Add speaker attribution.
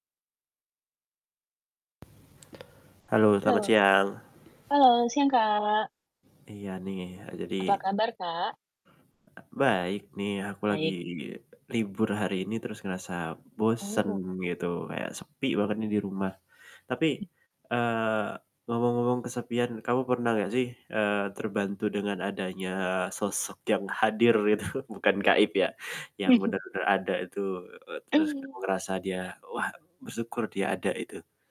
Speaker 1: Halo, selamat
Speaker 2: Lo.
Speaker 1: siang.
Speaker 2: Halo, siang, Kak.
Speaker 1: Iya nih, e jadi
Speaker 2: Apa kabar, Kak?
Speaker 1: baik nih, aku lagi
Speaker 2: Baik.
Speaker 1: libur hari ini terus ngerasa bosen
Speaker 2: Oh.
Speaker 1: gitu, kayak sepi banget nih di rumah. Tapi, eee, ngomong-ngomong kesepian, kamu pernah nggak sih, eee, terbantu dengan adanya sosok yang hadir itu bukan gaib ya, yang bener-bener ada itu, eee, terus kamu
Speaker 2: Mmm.
Speaker 1: ngerasa dia wah, bersyukur dia ada itu.